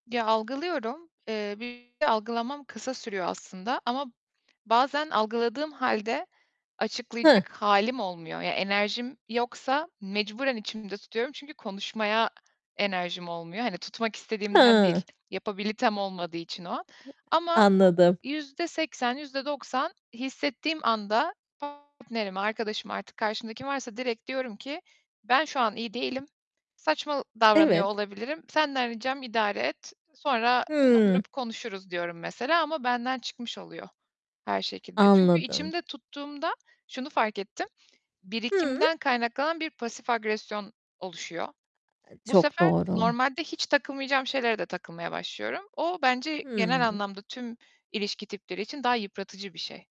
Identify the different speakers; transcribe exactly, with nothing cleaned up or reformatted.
Speaker 1: Ya, algılıyorum, eee, bir de algılamam kısa sürüyor aslında ama bazen algıladığım hâlde
Speaker 2: Heh.
Speaker 1: açıklayacak hâlim olmuyor. Ya, enerjim yoksa mecburen içimde tutuyorum. Çünkü konuşmaya
Speaker 2: Eh
Speaker 1: enerjim olmuyor. Hani, tutmak istediğimden
Speaker 2: He.
Speaker 1: değil, yapabilitem olmadığı için o
Speaker 2: [unintelligible]
Speaker 1: ama
Speaker 2: Anladım.
Speaker 1: yüzde seksen yüzde doksan hissettiğim anda partnerime, arkadaşıma, artık karşımdaki varsa direkt diyorum ki: "Ben şu an iyi değilim. Saçma davranıyor
Speaker 2: Evet.
Speaker 1: olabilirim. Senden ricam idare et, sonra
Speaker 2: Hımm.
Speaker 1: oturup konuşuruz." diyorum mesela ama benden çıkmış oluyor her şekilde. Çünkü
Speaker 2: Anladım.
Speaker 1: içimde tuttuğumda şunu fark ettim:
Speaker 2: Hımm.
Speaker 1: Birikimden kaynaklanan bir pasif agresyon oluşuyor.
Speaker 2: E,
Speaker 1: Bu
Speaker 2: çok
Speaker 1: sefer
Speaker 2: doğru.
Speaker 1: normalde hiç takılmayacağım şeylere de takılmaya başlıyorum. O bence genel
Speaker 2: Hımm.
Speaker 1: anlamda tüm ilişki tipleri için daha yıpratıcı bir şey.